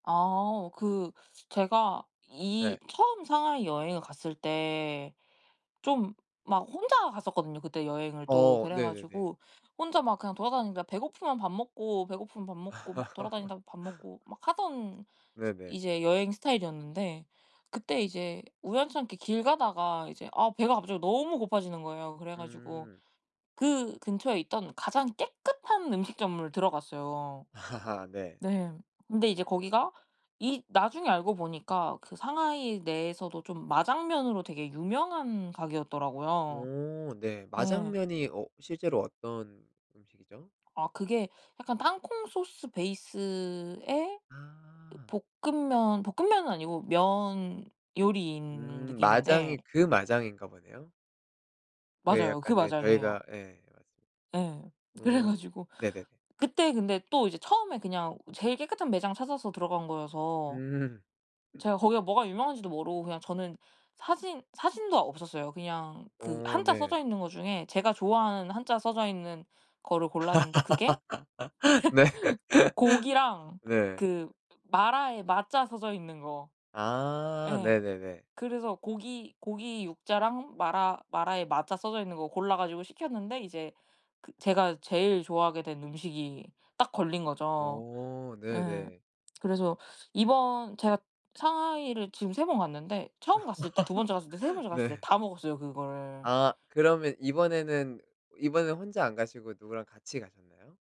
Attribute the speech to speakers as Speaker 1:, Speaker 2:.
Speaker 1: 아오 그 제가 이
Speaker 2: 네.
Speaker 1: 처음 상하이 여행을 갔을 때 좀 막 혼자 갔었거든요, 그때 여행을 또.
Speaker 2: 어 네네네.
Speaker 1: 그래가지고 혼자 막 그냥 돌아다니니까 배고프면 밥 먹고, 배고프면 밥 먹고, 막 돌아다니다가 밥 먹고, 막 하던 시
Speaker 2: 네네.
Speaker 1: 이제 여행 스타일이었는데 그때 이제 우연찮게 길 가다가 이제 아 배가 갑자기 너무 고파지는 거예요. 그래 가지고
Speaker 2: 음.
Speaker 1: 그 근처에 있던 가장 깨끗한 음식점을 들어갔어요.
Speaker 2: 네.
Speaker 1: 네. 근데 이제 거기가 이 나중에 알고 보니까 그 상하이 내에서도 좀 마장면으로 되게 유명한 가게였더라고요.
Speaker 2: 오 네.
Speaker 1: 예.
Speaker 2: 마장면이 어 실제로 어떤 음식이죠?
Speaker 1: 아 그게 약간 땅콩 소스 베이스에 그
Speaker 2: 아.
Speaker 1: 볶음면, 볶음면은 아니고 면 요리인
Speaker 2: 음.
Speaker 1: 느낌인데
Speaker 2: 마장이 그 마장인가 보네요. 네,
Speaker 1: 맞아요. 그
Speaker 2: 약간 네,
Speaker 1: 마장이에요.
Speaker 2: 저희가 예, 맞습니다.
Speaker 1: 예. 그래
Speaker 2: 음.
Speaker 1: 가지고
Speaker 2: 네네네.
Speaker 1: 그때 근데 또 이제 처음에 그냥 제일 깨끗한 매장 찾아서 들어간 거여서
Speaker 2: 음.
Speaker 1: 제가 거기가 뭐가 유명한지도 모르고 그냥 저는 사진 사진도 없었어요. 그냥 그
Speaker 2: 어
Speaker 1: 한자
Speaker 2: 네.
Speaker 1: 써져 있는 거 중에 제가 좋아하는 한자 써져 있는 거를 골랐는데 그게
Speaker 2: 네.
Speaker 1: 고기랑
Speaker 2: 네.
Speaker 1: 그 마라에 마 자 써져 있는 거.
Speaker 2: 아.
Speaker 1: 예.
Speaker 2: 네네네.
Speaker 1: 그래서 고기 고기 육 자랑, 마라 마라에 마 자 써져 있는 거 골라 가지고 시켰는데 이제 그 제가 제일 좋아하게 된 음식이 딱 걸린 거죠.
Speaker 2: 어.
Speaker 1: 예.
Speaker 2: 네네.
Speaker 1: 그래서 이번 제가 상하이를 지금 3 번 갔는데, 처음 갔을 때, 2 번째 갔을 때, 3 번째 갔을 때
Speaker 2: 네.
Speaker 1: 다 먹었어요, 그거를.
Speaker 2: 아 그러면 이번에는 이번엔 혼자 안 가시고 누구랑 같이 가셨나요?